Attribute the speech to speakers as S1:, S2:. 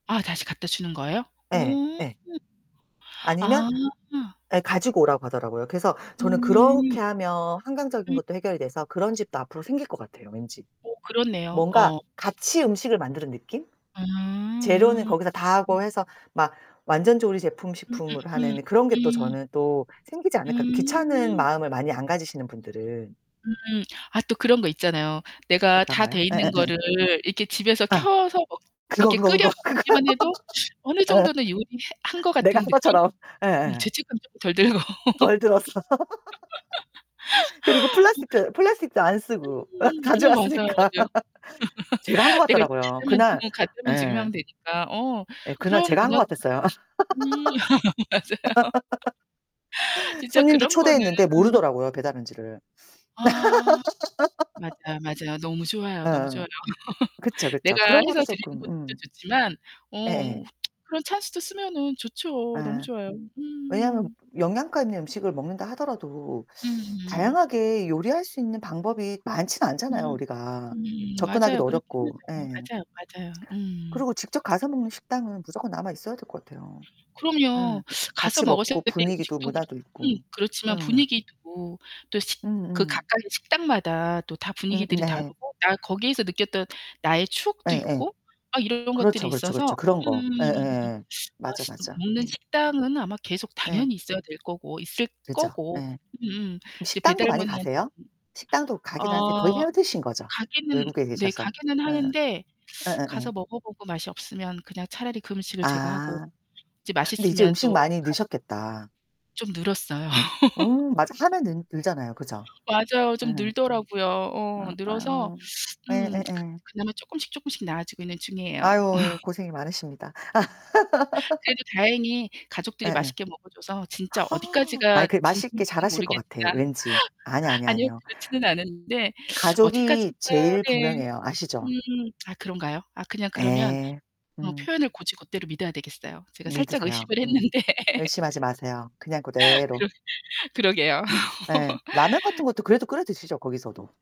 S1: 아, 다시 갖다 주는 거예요? 오.
S2: 예, 예. 아니면
S1: 아.
S2: 예, 가지고 오라고 하더라고요. 그래서 저는
S1: 음.
S2: 그렇게 하면 환경적인
S1: 음.
S2: 것도 해결이 돼서 그런 집도 앞으로 생길 것 같아요, 왠지.
S1: 어, 그렇네요.
S2: 뭔가
S1: 어.
S2: 같이 음식을 만드는 느낌? 재료는
S1: 음,
S2: 거기서 다
S1: 음.
S2: 하고 해서 막 완전 조리 제품,
S1: 음음음,
S2: 식품으로 하는 그런 게 또
S1: 음.
S2: 저는 또 생기지 않을까 귀찮은
S1: 음.
S2: 마음을 많이 안 가지시는 분들은.
S1: 음, 아 또 그런 거 있잖아요. 내가
S2: 어떤
S1: 다
S2: 거요?
S1: 돼 있는
S2: 예예예.
S1: 거를 이렇게 집에서
S2: 아.
S1: 켜서 먹
S2: 그거,
S1: 이렇게
S2: 그거, 그거,
S1: 끓여서
S2: 그거.
S1: 먹기만 해도 어느
S2: 예.
S1: 정도는 요리해 한 것
S2: 내가 한
S1: 같은 느낌?
S2: 것처럼.
S1: 음,
S2: 예예예.
S1: 죄책감 쪼금 덜 들고.
S2: 덜 들었어. 그리고 플라스틱도 플라스틱도 안 쓰고 어,
S1: 음. 어, 맞아요
S2: 가져갔으니까.
S1: 맞아요.
S2: 제가 한 것
S1: 내가
S2: 같더라고요. 그날
S1: [unintelligible] 지금
S2: 예.
S1: 하면 되니까. 어,
S2: 예, 그날
S1: 그런
S2: 제가 한 것
S1: 문화
S2: 같았어요.
S1: 음. 맞아요. 진짜
S2: 손님들
S1: 그런 거는
S2: 초대했는데 모르더라고요, 배달한지를.
S1: 아. 맞아요, 맞아요. 너무 좋아요. 너무
S2: 어어어.
S1: 좋아요.
S2: 그쵸, 그쵸.
S1: 내가
S2: 그런 것도
S1: 해서 드리는
S2: 쪼끔
S1: 것도
S2: 음.
S1: 좋지만,
S2: 예예.
S1: 어, 그런 찬스도 쓰면은 좋죠. 너무
S2: 예.
S1: 좋아요.
S2: 왜냐하면
S1: 음.
S2: 영양가 있는 음식을 먹는다 하더라도
S1: 음.
S2: 다양하게 요리할 수 있는 방법이 많진 않잖아요,
S1: 음
S2: 우리가.
S1: 음. 맞아요.
S2: 접근하기도
S1: 그렇긴
S2: 어렵고.
S1: 하죠.
S2: 예.
S1: 맞아요, 맞아요. 음.
S2: 그러고 직접 가서 먹는 식당은 무조건 남아 있어야 될 것 같아요. 에.
S1: 그럼요. 가서
S2: 같이 먹고
S1: 먹었었을 때 그때
S2: 분위기도
S1: 음식도 그렇고
S2: 문화도
S1: 음,
S2: 있고.
S1: 그렇지만
S2: 음.
S1: 분위기도 또 식 그
S2: 음음.
S1: 각각의 식당마다 또 다
S2: 음음
S1: 분위기들이
S2: 네.
S1: 다르고, 아이 거기에서 느꼈던 나의 추억도
S2: 예예.
S1: 있고 막 이런이런 것들이
S2: 그렇죠, 그렇죠,
S1: 있어서
S2: 그렇죠. 그런 거.
S1: 음.
S2: 예예예. 맞아, 맞아.
S1: 먹는
S2: 음.
S1: 식당은 아마 계속
S2: 예.
S1: 당연히 있어야 될 거고 있을
S2: 그죠, 예.
S1: 거고.
S2: 그럼
S1: 음, 이제
S2: 식당도
S1: 배달
S2: 많이
S1: 문의 하
S2: 가세요? 식당도 가긴 하세요. 거의
S1: 아
S2: 해 드시는 거죠?
S1: 가기는
S2: 외국에
S1: 네,
S2: 계셔서.
S1: 가기는
S2: 예.
S1: 하는데
S2: 예예예.
S1: 가서 먹어 보고 맛이 없으면 그냥 차라리 그 음식을 제가 하고
S2: 아.
S1: 이제
S2: 근데 이제
S1: 맛있으면
S2: 음식
S1: 또
S2: 많이
S1: 가
S2: 느셨겠다.
S1: 좀 늘었어요.
S2: 음. 맞아. 하면 늘 늘잖아요 그죠?
S1: 맞아요. 좀
S2: 예.
S1: 늘더라고요. 어,
S2: 아, 아유
S1: 늘어서
S2: 뭐.
S1: 음,
S2: 예예예.
S1: 그나마 쪼끔씩, 쪼끔씩 나아지고 있는 중이에요.
S2: 아유, 아유. 고생이 많으십니다.
S1: 그래도 다행히 가족들이
S2: 예예.
S1: 맛있게 먹어 줘서 진짜
S2: 아이
S1: 어디까지가
S2: 그 맛있게
S1: 진심인지는
S2: 잘하실 것
S1: 모르겠으나
S2: 같아, 왠지. 아니야, 아니야,
S1: 아니요,
S2: 아니에요.
S1: 그렇지는 않았는데
S2: 가족이
S1: 어디까지가
S2: 제일
S1: 네.
S2: 분명해요. 아시죠?
S1: 음. 아 그런가요? 아, 그냥 그러면
S2: 예.
S1: 어,
S2: 음.
S1: 표현을 곧이곧대로 믿어야 되겠어요. 제가 살짝
S2: 믿으세요.
S1: 의심을
S2: 음.
S1: 했는데.
S2: 열심히 하지 마세요. 그냥 그대로.
S1: 그러 그러게요.
S2: 예. 라면 같은 것도 그래도 끓여 드시죠? 거기서도?